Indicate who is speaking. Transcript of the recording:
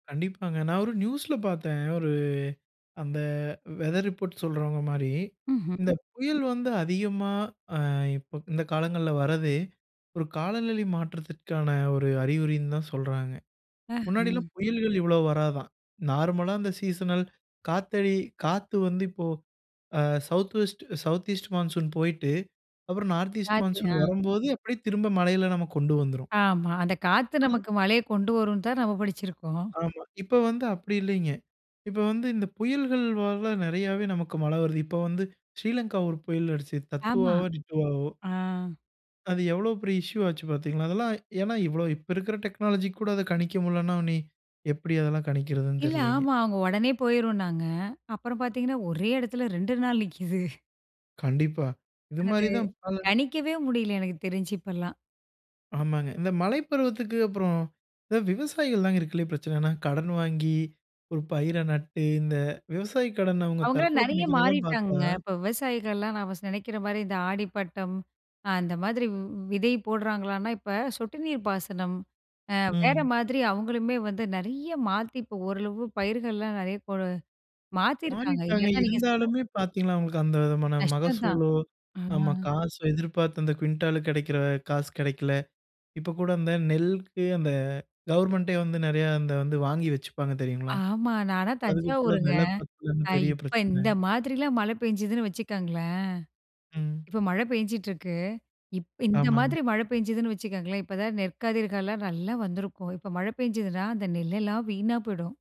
Speaker 1: கண்டிப்பாங்க. நான் ஒரு நியூஸ்ல பார்த்தேன். ஒரு அந்த வெதர் ரிப்போர்ட் சொல்றவங்க மாரி,
Speaker 2: ம்ஹம்.
Speaker 1: இந்த புயல் வந்து அதிகமா அ இப்ப இந்த காலங்கள்ல வர்றதே ஒரு காலநிலை மாற்றத்திற்கான ஒரு அறிகுறினு தான் சொல்றாங்க. முன்னாடிலாம்
Speaker 2: அஹ.
Speaker 1: புயல்கள் இவ்ளோ வராதாம். நார்மலா அந்த சீசனல் காத்தடி காத்து வந்து இப்போ அ south west south east monsoon போய்ட்டு அப்புறம் நார்த் ஈஸ்ட்
Speaker 2: காத்து
Speaker 1: மான்சூன்
Speaker 2: ஆ.
Speaker 1: வரும்போது அப்டியே திரும்ப மழையில நம்ம கொண்டு வந்துரும்.
Speaker 2: ஆமா. அந்த காத்து
Speaker 1: அது
Speaker 2: நமக்கு மழைய கொண்டு வரும்னு தான் நம்ம படிச்சிருக்கோம்.
Speaker 1: ஆமா. இப்ப வந்து அப்டி இல்லைங்க. இப்ப வந்து இந்த புயல்கள் ஆல நெறையாவே நமக்கு மழ வருது. இப்ப வந்து ஸ்ரீலங்கா ஒரு புயல அடிச்சுது
Speaker 2: ஆமா.
Speaker 1: தத்துவாவோ டிட்டுவாவோ.
Speaker 2: ஆ.
Speaker 1: அது எவ்வளோ பெரிய இஷ்யூ ஆச்சு பார்த்தீங்களா, அதெல்லாம் ஏனா இவ்வளவு இப்ப இருக்குற டெக்னாலஜிக்கு கூட அத கணிக்க முட்லனா இனி எப்டி அதெல்லாம் கணிக்கிறதுனு
Speaker 2: இல்ல,
Speaker 1: தெரில்லைங்க.
Speaker 2: ஆமா அவங்க உடனே போயிரும்னாங்க அப்பறம் பாத்தீங்கனா ஒரே இடத்துல 2 நாள் நிக்குது.
Speaker 1: கண்டிப்பா. இது
Speaker 2: அது
Speaker 1: மாரி தான். பல
Speaker 2: கணிக்கவே முடில எனக்கு தெரிஞ்சு இப்பலாம்.
Speaker 1: ஆமாங்க. இந்த மழை பருவத்துக்கு அப்புறம் விவசாயிகள் தான் இருக்கதில்லையே பிரச்சன. எனா கடன் வாங்கி ஒரு பயிர நட்டு இந்த விவசாய கடன் அவங்க
Speaker 2: அவங்களாம்
Speaker 1: தற்கொல
Speaker 2: நெறைய
Speaker 1: பண்ணிக்கறதெல்லாம் பார்த்தா
Speaker 2: மாறிட்டாங்கங்க. இப்ப விவசாயிகள்லாம் நம்ம ச நெனக்கிற மாரி இந்த ஆடி பட்டம், அந்த மாரி வ் விதை போடுறாங்களான்னா இப்ப சொட்டு நீர் பாசனம், அ வேற
Speaker 1: ம்.
Speaker 2: மாதிரி அவங்களுமே வந்து நெறைய மாத்தி இப்ப ஓரளவு பயிர்கள்லாம் நெறைய கொடு மாத்திருக்காங்க.
Speaker 1: மாறிட்டாங்க
Speaker 2: இல்லனா நீங்க சொல்ற
Speaker 1: இருந்தாலுமே பார்த்தீங்களா, அவங்களுக்கு அந்த விதமான
Speaker 2: கஷ்டம் தான்.
Speaker 1: மகசூலோ
Speaker 2: ஆ.
Speaker 1: நம்ம காசோ எதிர்பார்த்து அந்த குவிண்டால கிடைக்கிற காசு கிடைக்கல. இப்ப கூட அந்த நெல்க்கு அந்த கவர்ன்மென்ட்டே வந்து நெறைய அந்த வந்து வாங்கி வச்சுப்பாங்க தெரியுங்களா,
Speaker 2: ஆமா நானா
Speaker 1: அதுக்கு கூட
Speaker 2: தஞ்சாவூருங்க.
Speaker 1: வில பத்தலனு
Speaker 2: அ
Speaker 1: பெரிய
Speaker 2: இப்ப இந்த
Speaker 1: பிரச்சன.
Speaker 2: மாதிரிலாம் மழை பெஞ்சுதுன்னு வச்சுக்கங்களேன்.
Speaker 1: ம்.
Speaker 2: இப்ப மழை பேஞ்சிட்டுருக்கு. இப் இந்த மாதிரி
Speaker 1: ஆமாங்க.
Speaker 2: மழை பேஞ்சுதுன்னு வச்சுக்கோங்களேன், இப்பதான் நெற்கதிர்காலம் நல்லா வந்திருக்கும் இப்ப மழை பெஞ்சுதுனா அந்த நெல்லெல்லாம் வீணா போய்டும்.